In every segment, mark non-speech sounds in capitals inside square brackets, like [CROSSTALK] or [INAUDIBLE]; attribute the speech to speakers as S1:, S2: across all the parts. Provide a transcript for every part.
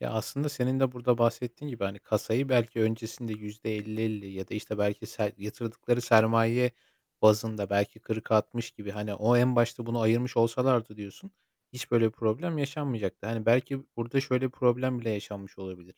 S1: Ya, aslında senin de burada bahsettiğin gibi, hani kasayı belki öncesinde %50-50 ya da, işte, belki ser yatırdıkları sermaye bazında belki 40-60 gibi, hani o en başta bunu ayırmış olsalardı diyorsun, hiç böyle bir problem yaşanmayacaktı. Hani, belki burada şöyle problem bile yaşanmış olabilir.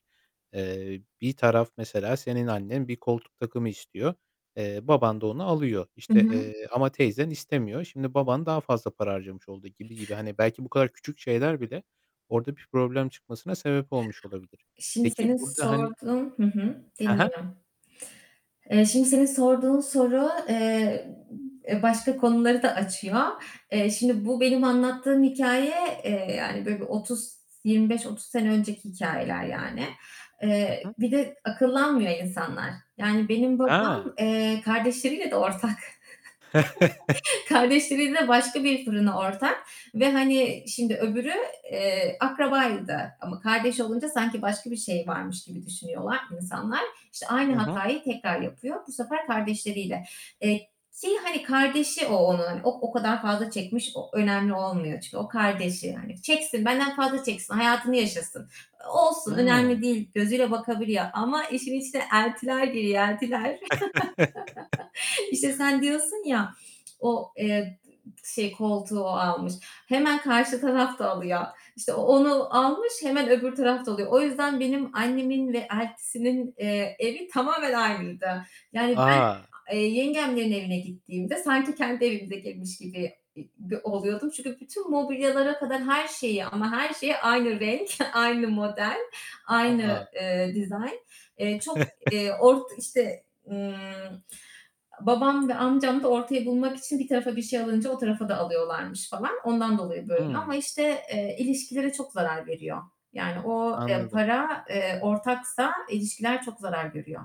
S1: Eee, bir taraf mesela senin annen bir koltuk takımı istiyor. Eee, baban da onu alıyor,
S2: Hı
S1: işte,
S2: hı.
S1: eee, ama teyzen istemiyor. Şimdi baban daha fazla para harcamış oldu -gibi gibi hani belki bu kadar küçük şeyler bile orada bir problem çıkmasına sebep olmuş olabilir.
S2: Şimdi
S1: Peki,
S2: senin
S1: burada hani
S2: sorduğun Hı hı,
S1: He he.
S2: dinliyorum. Eee, şimdi senin sorduğun soru, eee, eee, başka konuları da açıyor. Eee, şimdi bu benim anlattığım hikâye, eee, yani, böyle, bir 30-25-30 sene önceki hikâyeler, yani.
S1: Hı
S2: Eee,
S1: hı.
S2: bir de akıllanmıyor insanlar. Yani benim
S1: He!
S2: babam, eee, kardeşleriyle de ortak.
S1: [CHUCKLES]
S2: [CHUCKLES] Kardeşleriyle de başka bir fırına ortak ve, hani, şimdi öbürü, eee, akrabaydı ama kardeş olunca sanki başka bir şey varmış gibi düşünüyorlar insanlar. İşte
S1: Hı
S2: aynı
S1: hı.
S2: hatayı tekrar yapıyor. Bu sefer kardeşleriyle. Eee, şeyi, hani, kardeşi o onun, o o kadar fazla çekmiş, o önemli olmuyor çünkü o kardeşi yani. Çeksin, benden fazla çeksin, hayatını yaşasın. E, olsun,
S1: Hıı.
S2: önemli değil, gözüyle bakabiliyor ama işin içine eltiler giriyor, eltiler. [CHUCKLES] İşte, sen
S1: [CHUCKLES]
S2: diyorsun ya, o, eee, şey koltuğu o almış. Hemen karşı taraf da alıyor. İşte o onu almış hemen öbür taraf da alıyor. O yüzden benim annemin ve eltisinin, eee, evi tamamen aynıydı. Yani, ben
S1: A!
S2: a eee, yengemlerin evine gittiğimde sanki kendi evimize girmiş gibi i gö oluyordum. Çünkü bütün mobilyalara kadar her şeyi ama her şeyi aynı renk, [CHUCKLES] aynı model,
S1: A,
S2: aynı,
S1: a!
S2: eee, dizayn. Eee, çok, eee,
S1: [CHUCKLES]
S2: ort işte, ımm, a babam ve amcam da ortayı bulmak için bir tarafa bir şey alınca o tarafa da alıyorlarmış falan. Ondan dolayı böyle ama,
S1: Hımm!
S2: işte, eee, ilişkilere çok zarar veriyor. Yani o, eee,
S1: Anladım.
S2: para, eee, ortaksa ilişkiler çok zarar görüyor.